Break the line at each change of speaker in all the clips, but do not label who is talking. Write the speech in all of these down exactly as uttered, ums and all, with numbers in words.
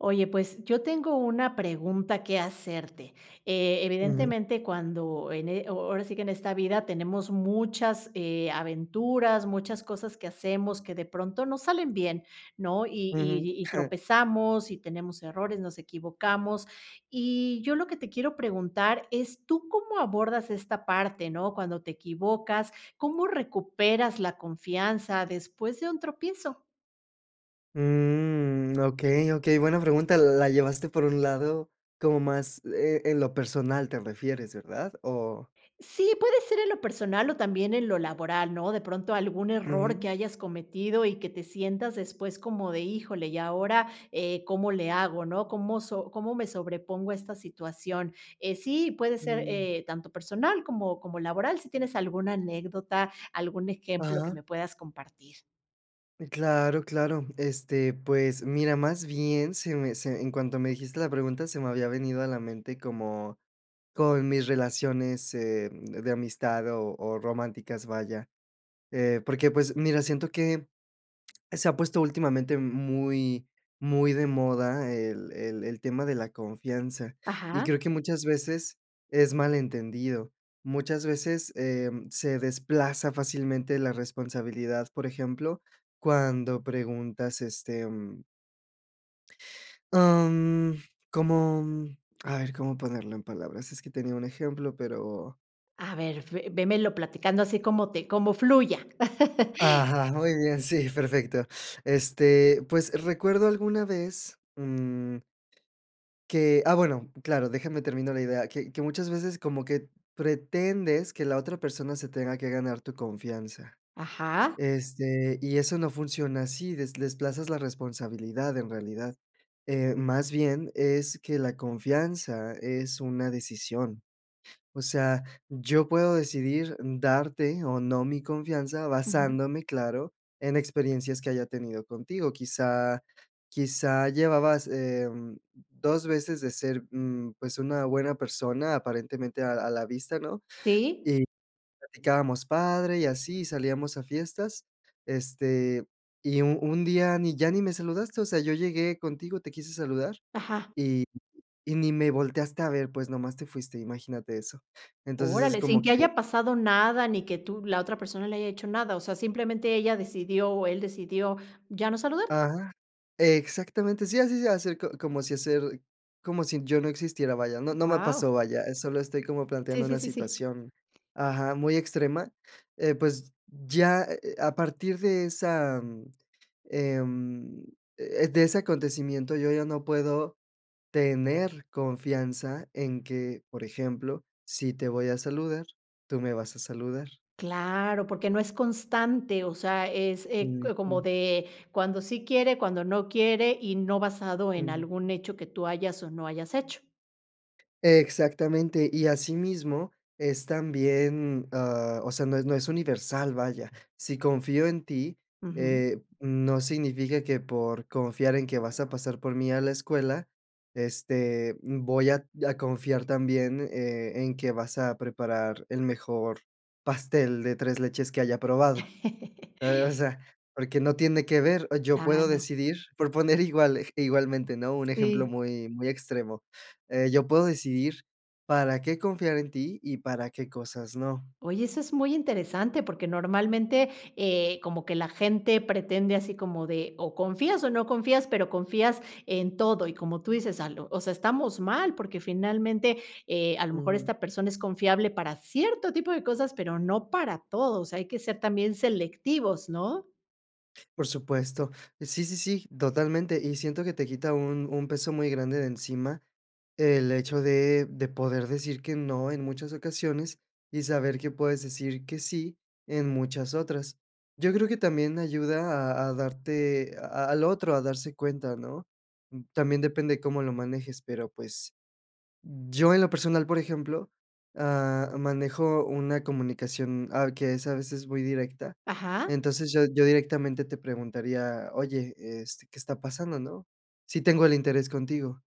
Oye, pues, yo tengo una pregunta que hacerte, eh,
Ujú.
evidentemente, cuando en eh o ahora sí que en esta vida tenemos muchas, eh, aventuras, muchas cosas que hacemos que de pronto, no salen bien, ¿no? Y
Ujú.
y y tropezamos y tenemos errores, nos equivocamos. Y, yo lo que te quiero preguntar es, ¿tú cómo abordas esta parte, no? Cuando te equivocas, ¿cómo recuperas la confianza después de un tropiezo?
Mm, okey, okey, buena pregunta, l la llevaste por un lado, como más eh, ¿en lo personal te refieres? ¿Verdad? O
Sí, puede ser en lo personal o también en lo laboral, ¿no? De pronto, algún error
Ujú.
que hayas cometido y que te sientas después como de, híjole, y ahora eh, ¿cómo le hago, no? ¿Cómo so cómo me sobrepongo a esta situación? Eh, sí, puede ser,
Mm.
eh, tanto personal como como laboral, si tienes alguna anécdota, algún ejemplo que
Ajá.
me puedas compartir.
Eh, claro, claro. Este, pues, mira, más bien, se me se en cuanto me dijiste la pregunta, se me había venido a la mente como, con mis relaciones, eh, de amistad o o románticas, vaya, eh, porque, pues, mira, siento que se ha puesto últimamente muy muy de moda el el el tema de la confianza, y
Ajá.
creo que muchas veces es malentendido, muchas veces em, se desplaza fácilmente la responsabilidad, por ejemplo, cuando preguntas, este, mm am, como mm, a ver, ¿cómo ponerlo en palabras? Es que tenía un ejemplo, pero
A ver, ve vémelo platicando así como te como fluya.
ajá, muy bien, sí, perfecto. Este, pues, recuerdo alguna vez, mm que ah, bueno, claro, déjame termino la idea, que que muchas veces como que pretendes que la otra persona se tenga que ganar tu confianza,
Ajá.
este, y eso no funciona así, des desplazas la responsabilidad en realidad. Eh, más bien es que la confianza es una decisión, o sea, yo puedo decidir darte o no mi confianza,
Ujú.
basándome, claro, en experiencias que haya tenido contigo, quizá, quizá llevabas, em, dos veces de ser mm, pues, una buena persona aparentemente a a la vista, ¿no?
Sí.
Y platicábamos, padre, y así, salíamos a fiestas, este, y, u un día, ni ya, ni me saludaste, o sea, yo llegué contigo, te quise saludar,
Ajá.
y y ni me volteaste a ver, pues, nomás te fuiste, imagínate eso. Entonces es
¡Órale! Sin
como
que
que
haya pasado nada, ni que tú la otra persona le haya hecho nada, o sea, simplemente ella decidió, o él decidió ya no saludar.
ajá. Exactamente, sí, así se acercó, como si hacer como si yo no existiera, vaya. No no me
Wao.
pasó, vaya, eh, solo estoy como
Sí,
planteando
sí,
una
sí, sí.
situación, ajá, muy extrema. Eh, pues, ya, eh eh a partir de esa mm, em, eh de ese acontecimiento, yo ya no puedo tener confianza en que, por ejemplo, si te voy a saludar, tú me vas a saludar.
Claro, porque no es constante, o sea, es eh co como
Ujú.
de cuando sí quiere, cuando no quiere, y no basado en
Ujú.
algún hecho que tú hayas o no hayas hecho.
Exactamente, y asimismo es también, ah, o sea, no es no es universal, vaya. Si confío en ti,
Ujú.
eh, mm, no significa que, por confiar en que vas a pasar por mí a la escuela, este, voy a a confiar también, eh, en que vas a preparar el mejor pastel de tres leches que haya probado. Eh, o sea, porque no tiene que ver, yo puedo
Claro.
decidir proponer igual ej igualmente, ¿no?, un ejemplo
Sí.
muy muy extremo. Eh, yo puedo decidir para qué confiar en ti y para qué cosas no.
Oye, eso es muy interesante, porque normalmente, eh, como que la gente pretende así como de o confías o no confías, pero confías en todo, y como tú dices, a lo o sea, estamos mal porque finalmente, eh, a lo mejor
Ujú.
esta persona es confiable para cierto tipo de cosas, pero no para todo, o sea, hay que ser también selectivos, ¿no?
Por supuesto. Sí, sí, sí, totalmente, y siento que te quita un un peso muy grande de encima el hecho de de poder decir que no en muchas ocasiones, y saber que puedes decir que sí en muchas otras. Yo creo que también ayuda a a darte a al otro, a darse cuenta, ¿no?, también depende de cómo lo manejes, pero, pues, yo en lo personal, por ejemplo, ah, manejo una comunicación, ah, que es a veces muy directa.
Ajá.
Entonces, yo yo directamente te preguntaría: "Oye, este, ¿qué está pasando, no?", sí tengo el interés contigo.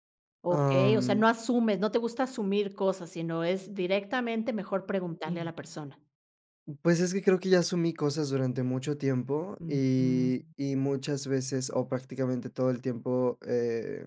Okey, o sea,
Um
no asumes, no te gusta asumir cosas, sino es directamente mejor preguntarle a la persona.
Pues, es que creo que ya asumí cosas durante mucho tiempo, y
Ujú.
y muchas veces, o prácticamente todo el tiempo, eh,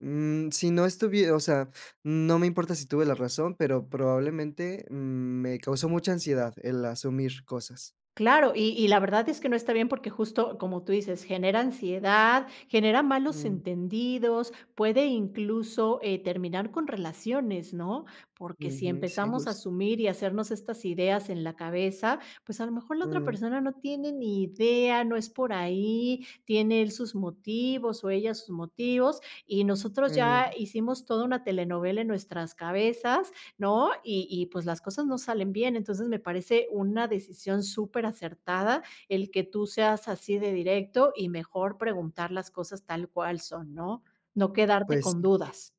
mm, si no estuvie o sea, no me importa si tuve la razón, pero, probablemente, me causó mucha ansiedad el asumir cosas.
Claro, y y la verdad es que no está bien porque, justo, como tú dices, genera ansiedad, genera malos
Mm.
entendidos, puede incluso, eh, terminar con relaciones, ¿no? Porque, si
Ujú, sí,
empezamos a
justo.
asumir y hacernos estas ideas en la cabeza, pues, a lo mejor la otra
Mm.
persona no tiene ni idea, no es por ahí, tiene él sus motivos o ella sus motivos, y nosotros ya
Ujú.
hicimos toda una telenovela en nuestras cabezas, ¿no? Y y pues, las cosas no salen bien, entonces me parece una decisión superacertada el que tú seas así de directo y mejor preguntar las cosas tal cual son, ¿no? No quedarte
Pues
con
sí.
dudas.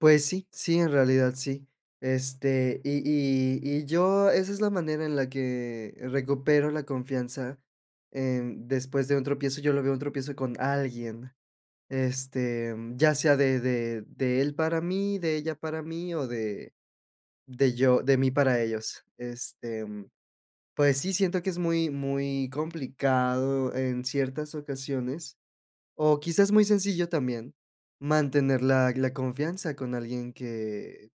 Pues sí, sí, en realidad, sí. Este, Y y y yo esa es la manera en la que recupero la confianza. Eh, después de un tropiezo, yo lo veo en un tropiezo con alguien. Este, ya sea de de de él para mí, de ella para mí, o de de yo de mí para ellos. Este, mm, pues sí, siento que es muy muy complicado en ciertas ocasiones, o quizás muy sencillo también, mantener la la confianza con alguien que,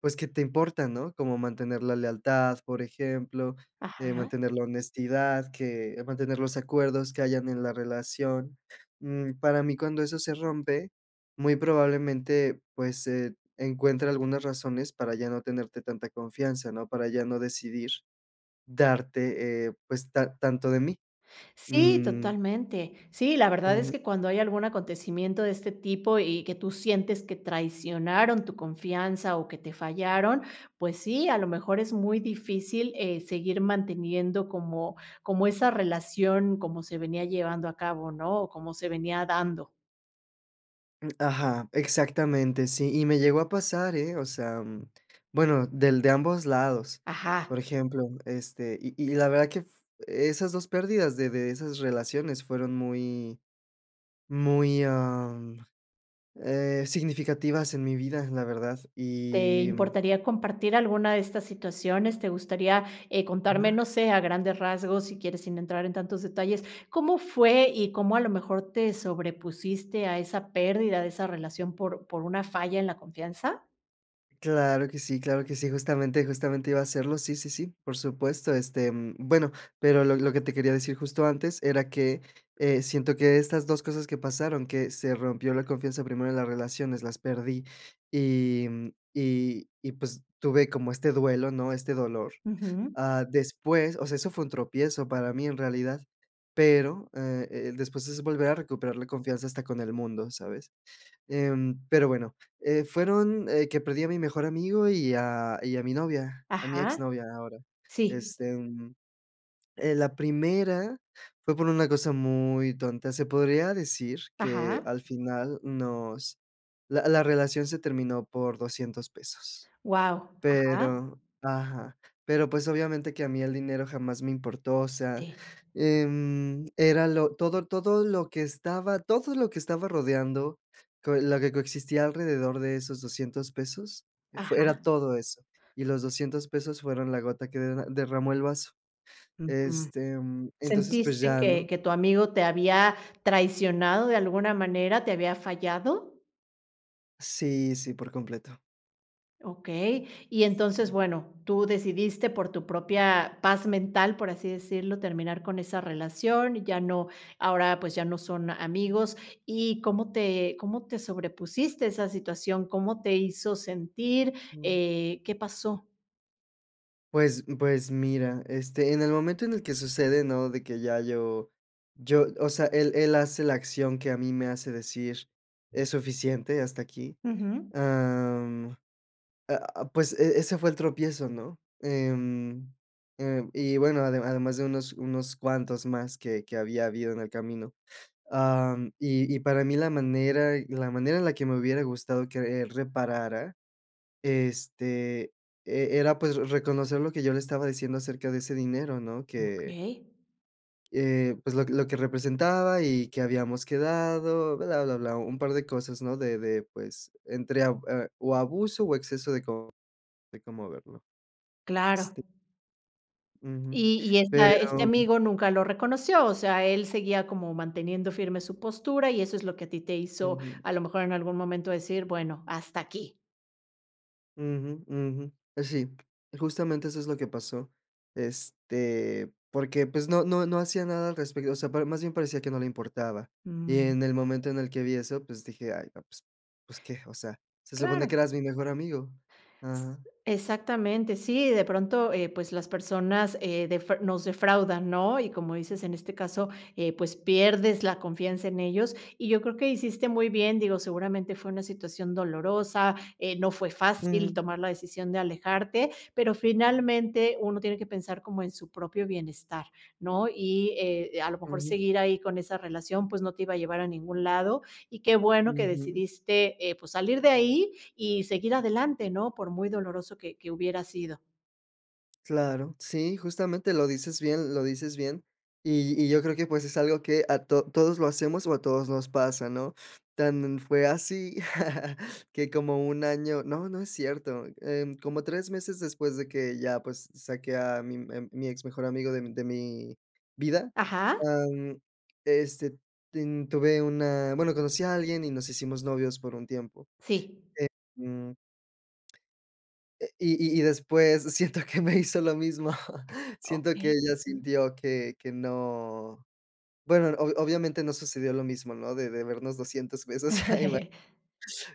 pues, que te importa, ¿no? Cómo mantener la lealtad, por ejemplo, eh,
Ajá.
mantener la honestidad, que mantener los acuerdos que hayan en la relación. Mm, para mí, cuando eso se rompe, muy probablemente, pues, eh, encuentre algunas razones para ya no tenerte tanta confianza, ¿no? Para ya no decidir, darte, eh, pues, ta tanto de mí.
Sí,
Mm.
totalmente. Sí, la verdad es
Ujú.
que cuando hay algún acontecimiento de este tipo y, que tú sientes que traicionaron tu confianza, o que te fallaron, pues sí, a lo mejor es muy difícil, eh, seguir manteniendo como como esa relación como se venía llevando a cabo, ¿no? O como se venía dando.
Mm, ajá, exactamente, sí. Y me llegó a pasar, eh, o sea, mm, bueno, del de ambos lados,
Ajá.
por ejemplo, este, y y la verdad que f esas dos pérdidas de de esas relaciones, fueron muy muy am, eh, significativas en mi vida, la verdad.
¿Te
Y, mm
importaría compartir alguna de estas situaciones? ¿Te gustaría, eh, contarme, no sé, a grandes rasgos, si quieres, sin entrar en tantos detalles? ¿Cómo fue, y cómo a lo mejor te sobrepusiste a esa pérdida de esa relación por por una falla en la confianza?
Claro que sí claro que sí. Justamente justamente iba a hacerlo. Sí, sí, sí, por supuesto. Este, mm, bueno, pero lo lo que te quería decir justo antes era que, eh, siento que estas dos cosas que pasaron, que se rompió la confianza primero de las relaciones, las perdí y, mm, y y pues, tuve como este duelo, ¿no? Este dolor.
Ujú.
Ah, después, o sea, eso fue un tropiezo para mí, en realidad, pero, eh, el después es volver a recuperar la confianza hasta con el mundo, ¿sabes? Em, pero, bueno, eh, fueron, eh, que perdí a mi mejor amigo y a y a mi novia, a mi
Ajá,
exnovia ahora.
sí.
Este, mm, eh, la primera fue por una cosa muy tonta, se podría decir que
Ajá.
al final nos la la relación se terminó por doscientos pesos,
Wao. Ajá.
pero, ajá, pero, pues, obviamente, que a mí el dinero jamás me importó, o sea,
Sí.
em, era lo todo todo lo que estaba todo lo que estaba rodeando, con lo que coexistía alrededor de esos doscientos pesos, fue, era
Ajá.
todo eso, y los doscientos pesos, fueron la gota que de derramó el vaso.
Ujú,
Este, mm, entonces, pues,
¿sentiste
ya, ¿no?
que que tu amigo te había traicionado de alguna manera, te había fallado?
Sí, sí, por completo.
Okey, y entonces, bueno, tú decidiste por tu propia paz mental, por así decirlo, terminar con esa relación, ya no ahora pues ya no son amigos y, ¿cómo te cómo te sobrepusiste a esa situación? ¿Cómo te hizo sentir? Eh, ¿qué pasó?
Pues pues mira, este, en el momento en el que sucede, ¿no?, de que ya yo yo o sea, él él hace la acción que a mí me hace decir: "Es suficiente, hasta aquí".
Ujú.
Ah, mm, a a pues e ese fue el tropiezo, ¿no?, em, eh y bueno, ade además de unos unos cuantos más que que había habido en el camino, ah, y y para mí la manera la manera en la que me hubiera gustado que él reparara este, e era pues re reconocer lo que yo le estaba diciendo acerca de ese dinero, ¿no?, que
Okey.
eh, pues, lo que lo que representaba y que habíamos quedado, bla, bla, bla, un par de cosas, ¿no?, de de, pues, entre ab eh, o abuso o exceso de co de cómo verlo,
Claro.
este Ujú.
¿Y y esta este
Pero
amigo nunca lo reconoció? O sea, él seguía como manteniendo firme su postura, y eso es lo que a ti te hizo,
Ujú.
a lo mejor en algún momento decir: "Bueno, hasta aquí".
Ujú, ujú. Eh, sí, justamente, eso es lo que pasó. Este, porque, pues, no no no hacía nada al respecto. O sea, par más bien parecía que no le importaba. Y
Mm.
en el momento en el que vi eso, pues, dije: "Ay, no, pues pues, ¿qué? O sea, se supone que
Claro.
eras mi mejor amigo.
S
Ajá.
exactamente. Sí, de pronto, eh, pues, las personas, eh, defra nos defraudan, ¿no? Y como dices, en este caso, eh, pues, pierdes la confianza en ellos, y yo creo que hiciste muy bien, digo, seguramente, fue una situación dolorosa, eh, no fue fácil
Ujú.
tomar la decisión de alejarte, pero, finalmente, uno tiene que pensar como en su propio bienestar, ¿no? Y, eh, a lo mejor,
Ujú.
seguir ahí con esa relación, pues, no te iba a llevar a ningún lado, y qué bueno que
Ujú.
decidiste, eh, pues salir de ahí y seguir adelante ¿no?, por muy doloroso que que hubiera sido.
Claro. Sí, justamente, lo dices bien, lo dices bien. Y y yo creo que, pues, es algo que a to todos lo hacemos, o a todos nos pasa, ¿no? Tan fue así que como un año no, no es cierto, em, como tres meses después de que ya, pues, s saqué a mi a mi ex mejor amigo de mi de mi vida,
Ajá.
ah, mm, este, ten tuve una bueno, conocí a alguien y nos hicimos novios por un tiempo.
Sí.
Eh, mm. Eh, y y y después siento que me hizo lo mismo, siento que
Okey.
ella sintió que que no bueno, obv obviamente no sucedió lo mismo, ¿no?, de debernos doscientos pesos. Ima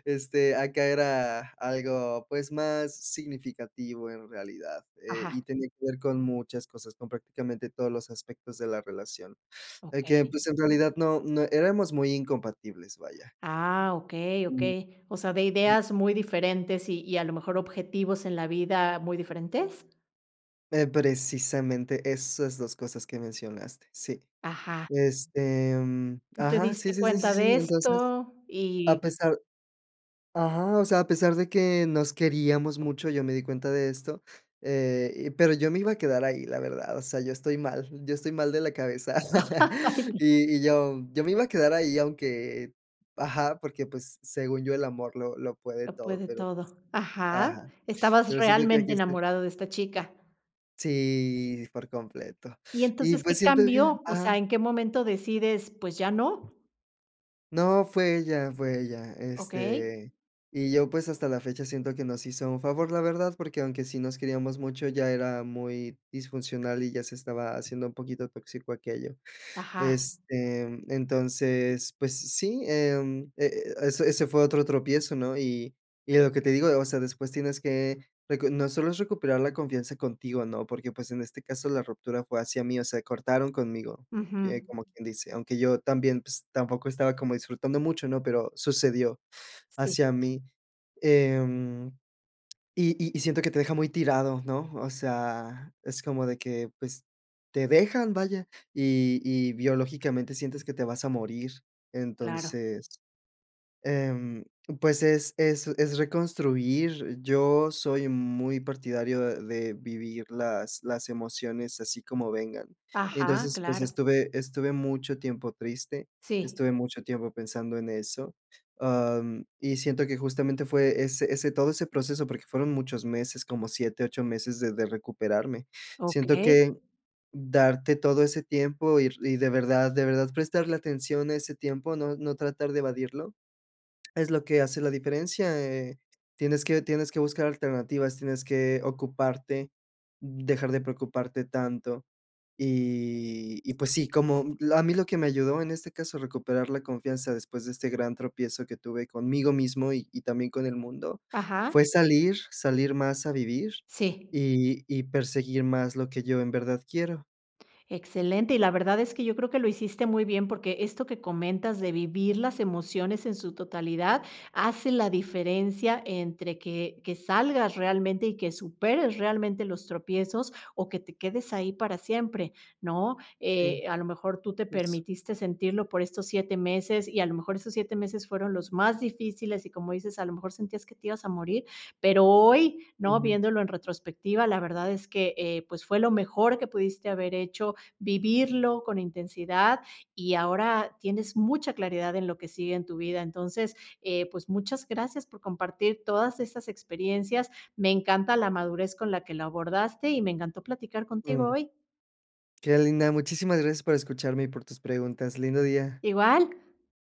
este, acá era algo, pues, más significativo en realidad, eh, y
Ajá.
tenía que ver con muchas cosas, con prácticamente todos los aspectos de la relación. De que,
Okey.
pues, en realidad no no éramos muy incompatibles, vaya.
Ah, okey, okey. O sea, ¿de ideas muy diferentes, y y a lo mejor objetivos en la vida muy diferentes?
Eh, precisamente esas dos cosas que mencionaste. Sí.
Ajá.
Este mm,
Tú te
ajá, sí,
diste
sí, sí,
cuenta
sí.
de
Entonces,
esto,
a
y
pesar. Ajá, o sea, a pesar de que nos queríamos mucho, yo me di cuenta de esto. Eh, y pero, yo me iba a quedar ahí, la verdad, o sea, yo estoy mal. Yo estoy mal de la cabeza. Y y yo yo me iba a quedar ahí, aunque, ajá, porque, pues, según yo, el amor, lo lo puede
Lo
todo,
puede
pero,
todo. Ajá,
ajá,
estabas
pero siento que hay que
realmente
ser
enamorado de esta chica.
sí, por completo.
Y
Y
entonces,
pues,
¿qué
siento que
cambió? O
ajá.
sea, ¿en qué momento decides, pues ya no?
No, fue ella fue ella,
Okey.
este, y yo pues, hasta la fecha sien to que nos hizo un favor, la verdad, porque, aunque sí nos queríamos mucho, ella era muy, disfuncional y ya se estaba haciendo un poquito tóxico aquello.
Ajá.
Este, entonces, pues s sí, em, e eso, ese fue otro tropiezo, ¿no? Y y lo que te digo, o sea, después tienes que recon no solo es recuperar la confianza contigo, ¿no? Porque, pues, en este caso, la ruptura fue hacia mí, o sea, cortaron conmigo, eh,
Ujú.
como quien dice. Aunque yo también, pues, tampoco estaba como disfrutando mucho, ¿no? Pero, sucedió,
Sí.
hacia mí. Em, y y y siento que te deja muy tirado, ¿no? O sea, es como de que, pues, te dejan, vaya, y y biológicamente sientes que te vas a morir.
Claro.
Entonces, em, pues, es es reconstruir. Yo, soy muy partidario de vivir las las emociones así como vengan.
Ajá,
Entonces pues,
claro.
estuve estuve mucho tiempo triste,
Sí.
estuve mucho tiempo pensando en eso. Em, y siento que justamente fue ese ese todo ese proceso, porque, fueron muchos meses, como siete, ocho, meses de de recuperarme. Siento
Okey.
que darte todo ese tiempo ir y de verdad de verdad prestarle atención a ese tiempo, no no tratar de evadirlo es lo que hace la diferencia, eh, tienes que tienes que buscar alternativas, tienes que, ocuparte, dejar de preocuparte tanto. Y y pues sí, como, mm, a mí lo que me ayudó en este caso a recuperar la confianza después de este gran tropiezo que tuve conmigo mismo y y también con el mundo,
Ajá.
fue salir salir más a vivir,
Sí.
y y perseguir más lo que yo en verdad quiero.
Excelente y la verdad es que yo creo que lo hiciste muy bien, porque, esto que comentas de vivir las emociones en su totalidad, hace la diferencia entre que que salgas realmente y que superes realmente los tropiezos, o que te quedes ahí para siempre, ¿no?
Sí.
Eh, a lo mejor tú te
Justo.
permitiste sentirlo por estos siete meses y a lo mejor esos siete meses fueron los más difíciles y como dices, a lo mejor sentías que te ibas a morir, pero hoy, ¿no?
Ujú.
Viéndolo en retrospectiva, la verdad es que, eh, pues, fue lo mejor que pudiste haber hecho, vivirlo con intensidad y ahora, tienes mucha claridad en lo que sigue en tu vida. Entonces, eh, pues, muchas gracias por compartir todas estas experiencias, me encanta la madurez con la que lo abordaste, y me encantó platicar contigo
Ujú.
hoy.
Qué linda, muchísimas gracias por escucharme y por tus preguntas. Lindo día.
Igual.